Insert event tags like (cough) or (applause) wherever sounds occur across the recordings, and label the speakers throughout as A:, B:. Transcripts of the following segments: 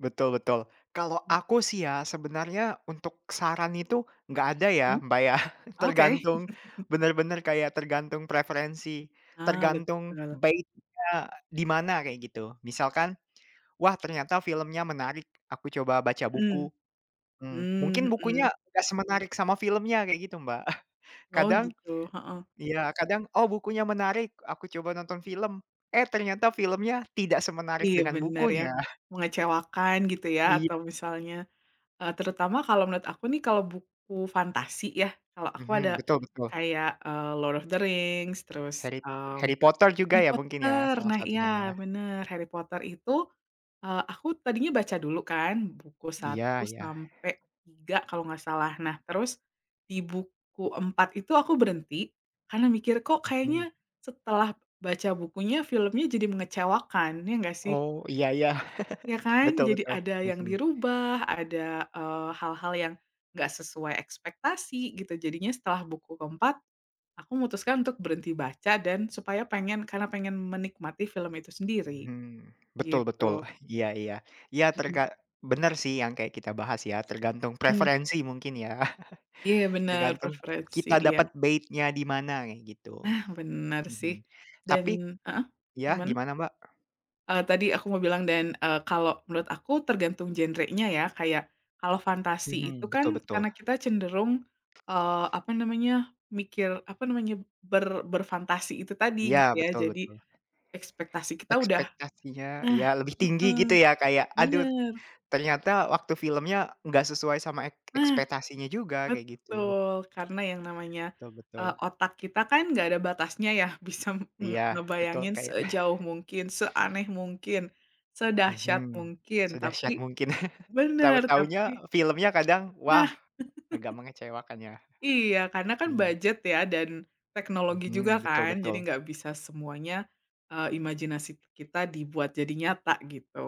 A: Betul betul kalau
B: Mhm.
A: aku sih ya sebenarnya untuk saran itu nggak ada ya,
B: Mmm,
A: Mbak, ya (chuckles)
B: oke.
A: tergantung
B: (chuckles)
A: benar-benar kayak tergantung preferensi,
B: Ah,
A: tergantung
B: betul.
A: bait-nya di mana kayak gitu misalkan, "Wah, ternyata filmnya menarik aku coba baca
B: Mmm,
A: buku." mmm, mungkin
B: mhm.
A: bukunya nggak semenarik sama filmnya kayak gitu, Mbak, (chuckles)
B: Oh,
A: kadang
B: gitu, heeh.
A: iya kadang, "Oh, bukunya menarik aku coba nonton film." Eh, ternyata filmnya tidak semenarik
B: Iya
A: dengan
B: benar ya,
A: bukunya. (chuckles)
B: mengecewakan gitu ya
A: Iya.
B: atau misalnya, eee, terutama kalau menurut aku nih kalau buku fantasi ya kalau aku ada,
A: Mhm, betul betul.
B: kayak, eee, Lord of the Rings terus,
A: Harry
B: mmm,
A: Harry Potter juga
B: Harry
A: ya mungkin ya?
B: Potter
A: Salah
B: nah iya
A: satunya ya.
B: bener Harry Potter itu, eee, aku tadinya baca dulu kan buku
A: Iya
B: 1
A: iya.
B: sampai 3 kalau gak salah nah terus, di buku 4 itu aku berhenti karena mikir "Kok kayaknya
A: Mhm.
B: setelah baca bukunya filmnya jadi mengecewakan." Iya gak sih?
A: Oh, iya iya
B: Ya
A: (laughs)
B: kan?
A: betul
B: Jadi
A: betul,
B: ada yang
A: mhm.
B: dirubah ada, eee, hal-hal yang, gak sesuai ekspektasi gitu jadinya setelah buku ke-4, aku memutuskan untuk berhenti baca dan supaya pengen karena pengen menikmati film itu sendiri,
A: Hmm, betul betul
B: gitu.
A: iya iya iya
B: Mhm.
A: terga bener sih yang kayak kita bahas ya tergantung
B: Mmm.
A: preferensi mungkin ya
B: Iya
A: (chuckles)
B: benar
A: tergantung
B: preferensi
A: kita
B: iya.
A: dapat bait-nya di mana kayak gitu,
B: Nah benar sih,
A: mhm,
B: dan
A: tapi
B: heeh,
A: iya
B: gimana?
A: gimana Mbak?
B: Eee, tadi aku mau bilang dan, eee, kalau menurut aku tergantung genrenya ya kayak, kalau fantasi itu
A: Mhm, betul
B: kan
A: betul.
B: karena kita cenderung, eee, apa namanya, mikir, apa namanya, ber berfantasi itu tadi gitu
A: Ya
B: ya
A: betul
B: jadi,
A: betul.
B: ekspektasi kita udah
A: Ekspektasinya
B: nah,
A: ya lebih tinggi
B: heeh,
A: gitu ya kayak aduh,
B: bener.
A: ternyata waktu filmnya nggak sesuai sama ek
B: Nah,
A: ekspektasinya juga kayak gitu.
B: betul karena yang namanya,
A: Betul betul.
B: eee, otak kita kan gak ada batasnya ya bisa me
A: Iya betul
B: ngebayangin
A: kayak
B: sejauh
A: (chuckles)
B: mungkin, seaneh mungkin, sedahsyat
A: Mhm,
B: mungkin, tapi
A: sedahsyat mungkin (chuckles)
B: bener
A: tahu-tahunya
B: tapi
A: filmnya kadang
B: Nah.
A: wah, agak
B: (laughs)
A: mengecewakan ya,
B: Iya karena kan
A: iya.
B: budget ya dan teknologi juga
A: Mhm, betul
B: kan jadi
A: betul.
B: gak bisa semuanya, eee, imajinasi kita dibuat jadi nyata gitu.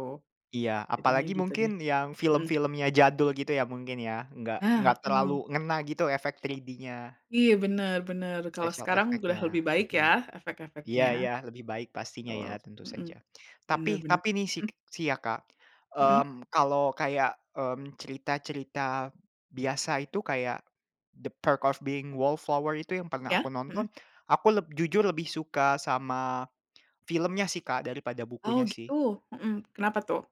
A: Iya
B: Jadinya
A: apalagi
B: gitu deh,
A: mungkin yang
B: mhm.
A: film-filmnya jadul gitu ya mungkin ya nggak nggak
B: Ah, heeh.
A: terlalu ngena gitu efek 3D-nya.
B: Iya bener bener kalau
A: Special
B: sekarang udah
A: effect-nya,
B: lebih baik ya
A: mhm,
B: efek-efeknya.
A: iya iya lebih baik pastinya
B: Betul,
A: ya tentu
B: mhm,
A: saja
B: bener
A: tapi
B: bener,
A: tapi nih sik
B: mhm.
A: sih ya, Kak,
B: Mhm.
A: mmm, kalau kayak, mmm, cerita cerita biasa itu kayak, The Perks of Being Wallflower itu yang pernah aku
B: Iya,
A: nonton
B: mhm.
A: aku leb jujur lebih suka sama, filmnya sih, Kak, daripada
B: Oh,
A: bukunya sih.
B: gitu, mhm, kenapa tuh?